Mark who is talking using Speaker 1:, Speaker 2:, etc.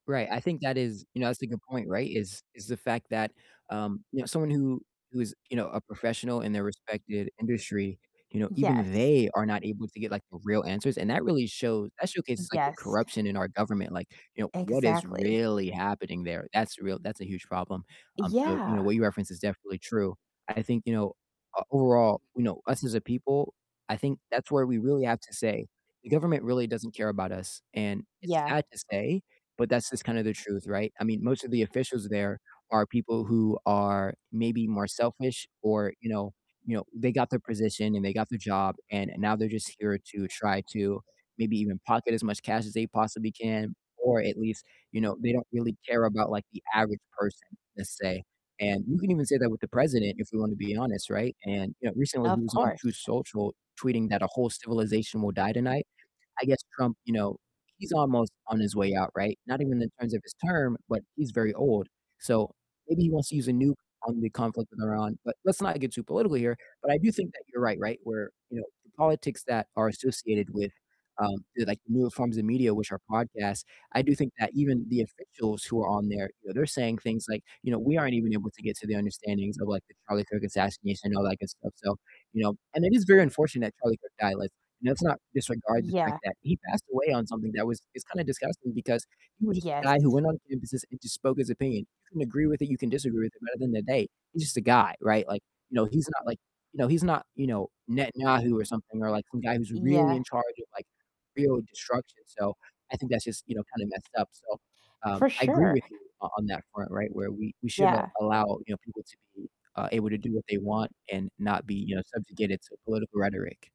Speaker 1: Right, I think that is you know, that's a good point, right? Is is the fact that, um, you know, someone who who is, you know, a professional in their respected industry, you know, even
Speaker 2: Yes.
Speaker 1: they are not able to get, like, the real answers, and that really shows that showcases, like, the
Speaker 2: Yes.
Speaker 1: corruption in our government. Like, you know, what is
Speaker 2: Exactly.
Speaker 1: really happening there? That's real that's a huge problem. Um, so, you know,
Speaker 2: Yeah.
Speaker 1: what you referenced is definitely true. I think, you know, uh, overall, you know, us as a people, I think that's where we really have to say the government really doesn't care about us. And it's
Speaker 2: Yeah.
Speaker 1: sad to say, but that's just kind of the truth, right? I mean, most of the officials there are people who are maybe more selfish or, you know you know, they got their position and they got their job, and now they're just here to try to maybe even pocket as much cash as they possibly can, or at least, you know, they don't really care about, like, the average person, let's say, and you can even say that with the president, if we want to be honest, right? And, you know, recently he
Speaker 2: Of
Speaker 1: was on Truth
Speaker 2: course.
Speaker 1: Social tweeting that "a whole civilization will die tonight." I guess Trump, you know, he's almost on his way out, right? Not even in terms of his term, but he's very old, so maybe he wants to use a nuke on the conflict with Iran. But let's not get too political here. But I do think that you're right, right? Where, you know, the politics that are associated with, um, to like newer forms of media, which are podcasts, I do think that even the officials who are on there, you know, they're saying things like, you know, "We aren't even able to get to the understandings of, like, the Charlie Kirk assassination and all that good stuff," so, you know. And it is very unfortunate that Charlie Kirk died. Like, let's not disregard the fact
Speaker 2: Yeah.
Speaker 1: that he passed away on something that was is kinda disgusting, because he was just a guy who
Speaker 2: Yes.
Speaker 1: went on campuses and just spoke his opinion. You can agree with it, you can disagree with it, but at the end of the day, he's just a guy, right? Like, you know, he's not, like, you know, he's not, you know, Netanyahu or something, or, like, some guy who's really
Speaker 2: Yeah.
Speaker 1: in charge of, like, real destruction. So I think that's just, you know, kind of messed up, So, um,
Speaker 2: For
Speaker 1: I agree
Speaker 2: sure.
Speaker 1: with you o on that front, right? Where we we should
Speaker 2: Yeah.
Speaker 1: allow, you know, people to be, uh, able to do what they want and not be, you know, subjugated to political rhetoric.